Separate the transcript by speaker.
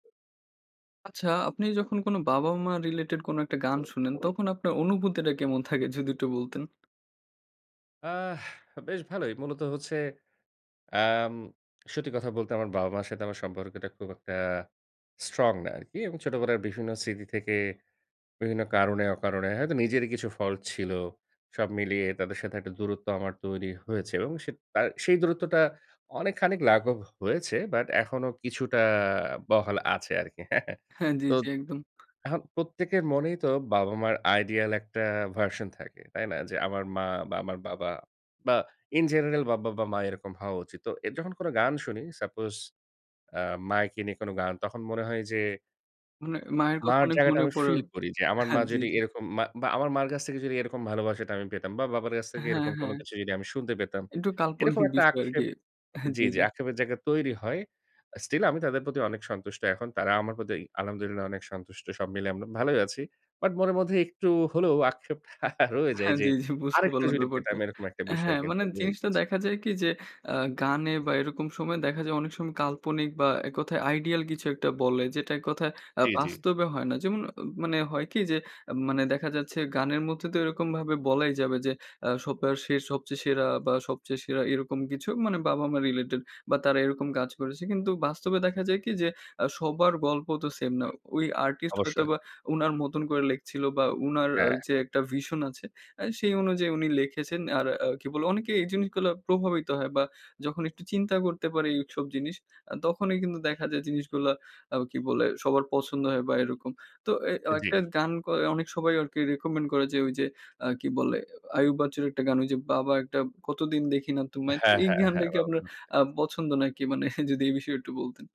Speaker 1: আচ্ছা, আপনি যখন কোনো বাবা-মা রিলেটেড কোনো একটা গান শোনেন, তখন আপনার অনুভূতিটা কেমন থাকে? যদি একটু বলতেন।
Speaker 2: আহ বেশ ভালোই। মূলত হচ্ছে অ্যাম সত্যি কথা বলতে, আমার বাবা-মার সাথে আমার সম্পর্কটা খুব একটা স্ট্রং না আরকি। এবং ছোটবেলার বিভিন্ন স্মৃতি থেকে বিভিন্ন কারণে, অকারণে হয়তো নিজেরই কিছু ফল্ট ছিল। সব মিলিয়ে তাদের সাথে একটা দূরত্ব আমার তৈরি হয়েছে, এবং সেইত তা সেই দূরত্বটা অনেকখানিক লাঘব হয়েছে। বাট এখনো কিছুটা বহাল আছে আরকি।
Speaker 1: হ্যাঁ, জ্বী,
Speaker 2: তো,
Speaker 1: জ্বী, একদম।
Speaker 2: এখন প্রত্যেকের মনেই তো বাবা-মার আইডিয়াল একটা ভার্সন থাকে। তাই না? যে আমার মা, বা আমার বাবা, বা ইন জেনারেল বা বাবা-মা এরকম হওয়া উচিত। তো যখন কোনো গান শুনি সাপোজ আ মায়েকে নিয়ে কোন গান, তখন মনে হয় যে
Speaker 1: মানে মায়ের কথা
Speaker 2: মার
Speaker 1: অনেক
Speaker 2: জায়গাটা
Speaker 1: মনে
Speaker 2: আমি
Speaker 1: পড়ে।
Speaker 2: ফিল করি যে, আমার
Speaker 1: হ্যাঁ,
Speaker 2: মা
Speaker 1: জ্বী
Speaker 2: যদি
Speaker 1: জ্বী।
Speaker 2: এরকম মা, বা আমার মার কাছ থেকে যদি এরকম ভালোবাসাটা আমি পেতাম, বা বাবার কাছ থেকে
Speaker 1: হ্যাঁ,
Speaker 2: এরকম কোন
Speaker 1: হ্যাঁ।
Speaker 2: কিছু যদি আমি শুনতে পেতাম।
Speaker 1: একটু
Speaker 2: এরকম
Speaker 1: কাল্পনিক
Speaker 2: একটা
Speaker 1: বিষয় আরকি।
Speaker 2: আক্ষেপ
Speaker 1: হ্যাঁ,
Speaker 2: জ্বী,
Speaker 1: জ্বী,
Speaker 2: জ্বী
Speaker 1: জ্বী।
Speaker 2: আক্ষেপের জায়গা তৈরি হয়। আ স্টিল আমি তাদের প্রতি অনেক সন্তুষ্ট এখন। তারা আমার প্রতি আলহামদুলিল্লাহ অনেক সন্তুষ্ট। সব মিলে আমরা ভালোই আছি। বাট মনে মধ্যে একটু হলেও আক্ষেপ রয়ে যায়,
Speaker 1: হ্যাঁ,
Speaker 2: যে
Speaker 1: জ্বী, জ্বী বুঝতে
Speaker 2: আরেকটু
Speaker 1: পারলাম
Speaker 2: যদি পেতাম
Speaker 1: ব্যাপারটা।
Speaker 2: এরকম একটা বিষয়
Speaker 1: হ্যাঁ, মানে
Speaker 2: হয়ে
Speaker 1: জিনিসটা
Speaker 2: গেছি
Speaker 1: দেখা যায় কি? যে, আ গানে বা এরকম সময়ে দেখা যায়, অনেক সময় কাল্পনিক বা ১ কথায় আইডিয়াল কিছু একটা বলে যেটা ১ কথায় আ
Speaker 2: জ্বী, জ্বী।
Speaker 1: বাস্তবে হয় না। যেমন অ মানে হয় কি? যে এম মানে দেখা যাচ্ছে, গানের মধ্যে তো এরকম ভাবে বলাই যাবে যে, আ সবপা সে সবচেয়ে সেরা, বা সবচেয়ে সেরা এরকম কিছু মানে বাবা-মা রিলেটেড, বা তারা এরকম কাজ করেছে। কিন্তু বাস্তবে দেখা যায় কি? যে আ সবার গল্প তো সেম না। ওই আর্টিস্ট
Speaker 2: অবশ্যই।
Speaker 1: হয়তোবা উনার মতন করে লিখছিল, বা উনার
Speaker 2: হ্যাঁ,
Speaker 1: যে
Speaker 2: হ্যাঁ।
Speaker 1: একটা ভিশন আছে। আ সেই অনুযায়ী উনি লিখেছেন আর আ কি বলে? অনেকে এই জিনিসগুলা প্রভাবিত হয়, বা যখন একটু চিন্তা করতে পারে এইসব জিনিস। আ তখনই কিন্তু দেখা যায় জিনিসগুলা আ কি বলে? সবার পছন্দ হয়, বা এরকম। তো এ
Speaker 2: আ জ্বী।
Speaker 1: একটা গান ক অনেক সবাই আরকি রিকমেন্ড করে যে, ঐ যে আ কি বলে? আয়ুব বাচ্চুর একটা গান ঐ যে, 'বাবা একটা কতদিন দেখি না তোমায়।'
Speaker 2: হ্যাঁ,
Speaker 1: এই
Speaker 2: হ্যাঁ,
Speaker 1: গানটা
Speaker 2: হ্যাঁ।
Speaker 1: কি আপনার
Speaker 2: [unintelligible]
Speaker 1: আ পছন্দ নাকি? মানে যদি এই বিষয়ে একটু বলতেন।